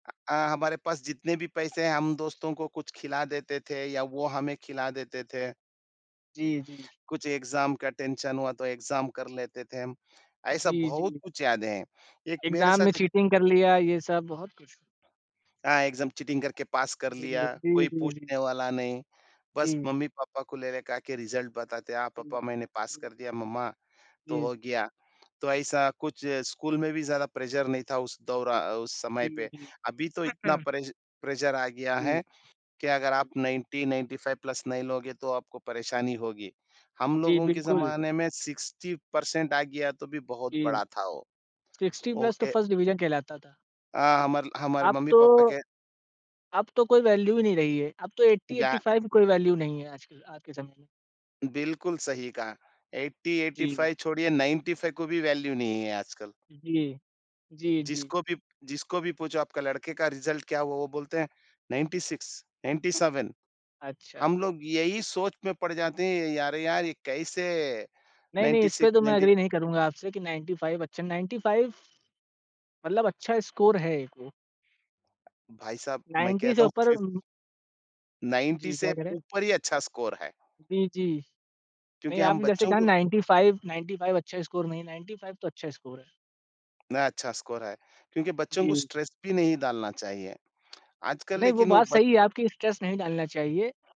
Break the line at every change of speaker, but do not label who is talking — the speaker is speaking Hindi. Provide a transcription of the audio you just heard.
अ, हमारे पास जितने भी पैसे हैं, हम दोस्तों को कुछ खिला देते थे या वो हमें खिला देते थे।
जी, जी, जी।
कुछ एग्ज़ाम का टेंशन हुआ तो एग्ज़ाम कर लेते थे हम, ऐसा
जी,
बहुत
जी।
कुछ याद है। एक मेरे
एग्ज़ाम
साथ
में
देख
चीटिंग कर लिया, ये सब बहुत कुछ।
हाँ, एग्ज़ाम चीटिंग करके पास कर
अ, जी,
लिया, कोई
जी, जी, जी।
पूछने वाला नहीं। बस
हुँ।
मम्मी-पापा को लेले का के रिज़ल्ट बताते हैं, हाँ
जी।
पापा मैंने पास
हुँ।
कर दिया मम्मा, तो
जी।
हो गया। तो ऐसा कुछ स्कूल में भी ज़्यादा प्रेशर नहीं था उस दोरा उस समय
जी,
पे।
जी।
अभी तो इतना
अच्छा।
प्रेश प्रेशर आ गया
जी।
है कि अगर आप
जी।
90-95 प्लस नहीं लोगे तो आपको परेशानी होगी। हम
जी,
लोगों के
बिल्कुल।
जमाने में 60 पर्सेन्ट आ गया तो भी बहुत
जी,
बड़ा था वो।
60 प्लस तो
ओके।
1st डिविज़न कहलाता था।
अ, हमार हमारे
अब
मम्मी-पापा
तो
के
अब तो कोई वैल्यू ही नहीं रही है। अब तो ऐटी
या
ऐटी फाइव की कोई वैल्यू नहीं है आजकल, आज के ज़म
बिल्कुल सही कहा, ऐटी ऐटी
जी।
फाइव छोड़िए 95 को भी वैल्यू नहीं है आजकल।
अ, जी। जी, जी, जी।
जिसको भी जिसको भी पूछो आपका लड़के का रिज़ल्ट क्या हुआ? वो बोलते हैं 96, 97
अच्छा।
हम लोग यही सोच में पड़ जाते हैं, यार यार ये कैसे?
नहीं-नहीं
नाइन्टी
इस पे
सिक्स
तो मैं
नाइन्टी
एग्री नहीं करूँगा आपसे कि 95 अच्छा, 95 मतलब अच्छा स्कोर है एक वो।
भाई साहब, मैं
90 से
कहता हूँ
ऊपर
फिफ़
उम
90
जी, क्या
से
कह रहे हैं?
ऊपर ही अच्छा स्कोर है।
जी, जी।
क्योंकि
नहीं
हम
आपने जैसे
बच्चों
कहा
को
95, 95 अच्छा स्कोर नहीं 95 तो अच्छा स्कोर है।
न अच्छा स्कोर है क्योंकि बच्चों को
जी।
स्ट्रेस भी नहीं डालना चाहिए। आजकल
नहीं, वो
लेकिन वो
बात
ब
सही है आपकी स्ट्रेस नहीं डालना चाहिए।